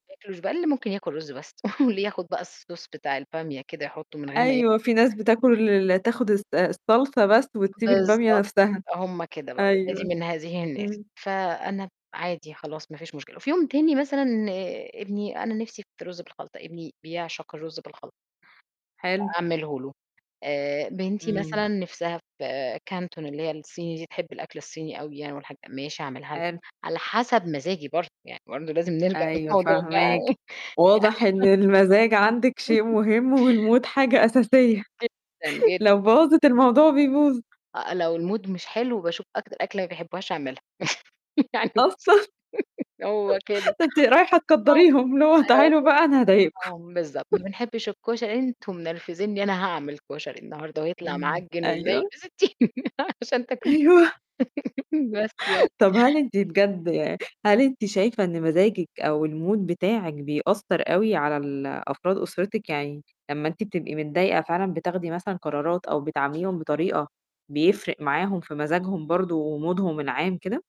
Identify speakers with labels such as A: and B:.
A: [unintelligible] بقى اللي ممكن ياكل رز بس، واللي ياخد بقى الSauce بتاع البامية كده يحطه من غير ما ي
B: أيوه، في ناس
A: [unintelligible]
B: بتاكل ال تاخد الص الصلصة بس، وتسيب البامية
A: بالضبط
B: نفسها.
A: هُم كده بقى، ولادي
B: أيوه،
A: من هذه الناس،
B: إمم.
A: فأنا عادي خلاص ما فيش مشكلة، وفي يوم تاني مثلًا ابني أنا نفسِي في رز بالخلطة، ابني بيعشق الرز بالخلطة.
B: حلو.
A: أعمله له، آآ، بنتي
B: إمم.
A: مثلًا نِفْسها في كانتون اللي هي الصيني دي تحب الأكل الصيني أوي يعني والحاج ماشي أعملها لها،
B: حلو.
A: على حسب مزاجي برضه يعني برضه لازم نرجع
B: أيوه
A: للموضوع ده.
B: فاهماكِ، واضح إن المزاج عندِك شيء مهم والMood حاجة أساسية،
A: جدًا جد
B: لو باظت، الموضوع بيبوظ.
A: آآ، لو الMood مش حلو باشوف أكتر أكلة ما بيحبوهاش، أعملها يعني بُصّي
B: أصلًا؟
A: هو كده.
B: ده أنتِ رايحة
A: آه.
B: تكدّريهم، اللي هو: "تعالوا
A: [unintelligible]
B: بقى، أنا هاضايقكم."
A: آه، بالضبط "ما بنحبش الكشري." "أنتم منرفزني، أنا هاعمل كشري النهارده، وهيطلع
B: إمم.
A: معجّن، ومنيل
B: أيوه.
A: بستين نيلة، عشان تاكلوه."
B: أيوه.
A: بس يعني.
B: طب هل أنتِ بجد يعني هل أنتِ شايفة إن مزاجِك، أو الMood بتاعِك بيأثّر أو على ال أفراد أسرتِك؟ يعني لمّا إنتِ بتبقي متضايقة فعلًا بتاخدي مثلًا قرارات أو بتعامليهم بطريقة، بيفرِق معاهم في مزاجهم برضه ومودهم العام كده؟